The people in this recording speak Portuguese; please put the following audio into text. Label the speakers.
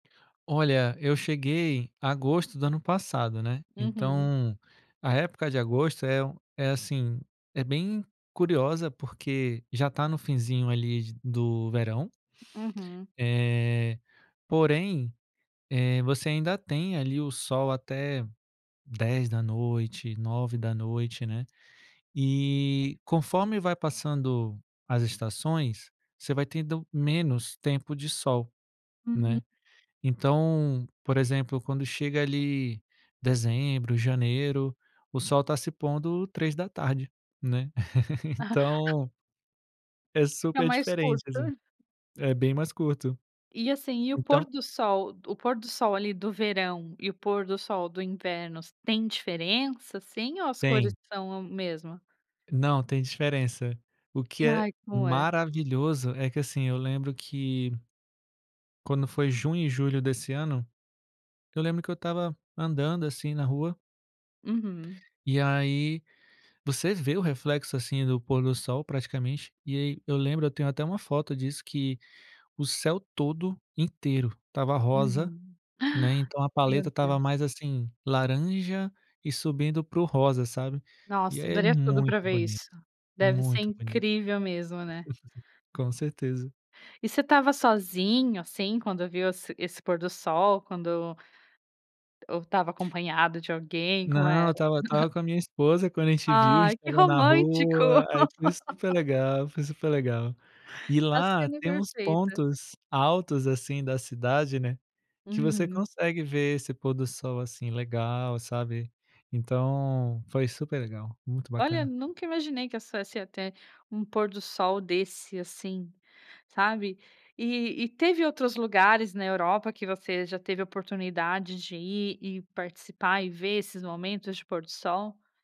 Speaker 1: Olha, eu cheguei agosto do ano passado, né,
Speaker 2: Uhum.
Speaker 1: então, a época de agosto é um é assim, é bem curiosa porque já tá no finzinho ali de do verão...
Speaker 2: Uhum.
Speaker 1: eh, porém, eh, você ainda tem ali o sol até 22h, 21h, né. E, conforme vai passando as estações, você vai tendo menos tempo de sol,
Speaker 2: Uhum.
Speaker 1: né. Então, por exemplo, quando chega ali dezembro, janeiro, o sol tá se pondo 15h, né. Então é
Speaker 2: Fica
Speaker 1: super
Speaker 2: mais
Speaker 1: diferente, assim,
Speaker 2: curto.
Speaker 1: é bem mais curto.
Speaker 2: E assim, e o pôr
Speaker 1: Então
Speaker 2: do sol o pôr do sol ali do verão e o pôr do sol do invernos, têm diferença assim ou as cores
Speaker 1: Tem.
Speaker 2: são mesma?
Speaker 1: Não, tem diferença. O que
Speaker 2: E
Speaker 1: é
Speaker 2: ai, como é?
Speaker 1: maravilhoso é que assim, eu lembro que quando foi junho e julho desse ano, eu lembro que eu estava andando assim na rua
Speaker 2: Uhum.
Speaker 1: e aí, você vê o reflexo assim do pôr do sol praticamente, e aí eu lembro eu tenho até uma foto disso que, o céu todo inteiro, estava rosa,
Speaker 2: Uhum. Ah!
Speaker 1: né, então a paleta
Speaker 2: Meu
Speaker 1: estava
Speaker 2: Deus.
Speaker 1: mais assim, laranja e subindo para o rosa, sabe. E,
Speaker 2: Nossa, eu
Speaker 1: aí é
Speaker 2: daria tudo para
Speaker 1: muito
Speaker 2: ver
Speaker 1: bonito
Speaker 2: isso. Deve ser
Speaker 1: muito bonito.
Speaker 2: incrível mesmo, né?
Speaker 1: Com certeza.
Speaker 2: E você estava sozinho assim quando viu esse esse pôr do sol, quando ou estava acompanhado de alguém, como
Speaker 1: Não, eu
Speaker 2: era?.
Speaker 1: estava eu estava com a minha esposa quando a gente viu, gente
Speaker 2: Ai que
Speaker 1: estava na
Speaker 2: romântico!.
Speaker 1: rua, aí foi super legal foi super legal. E
Speaker 2: A
Speaker 1: lá
Speaker 2: cena
Speaker 1: tem uns
Speaker 2: perfeita.
Speaker 1: pontos altos assim da cidade né, que você
Speaker 2: Uhum.
Speaker 1: consegue ver esse pôr do sol, assim, legal sabe, então foi super legal, muito
Speaker 2: Olha,
Speaker 1: bacana.
Speaker 2: nunca imaginei que a essa essa até um pôr do sol desse assim, sabe. E e teve outros lugares na Europa que você já teve a oportunidade de ir e participar e ver esses momentos de pôr do sol?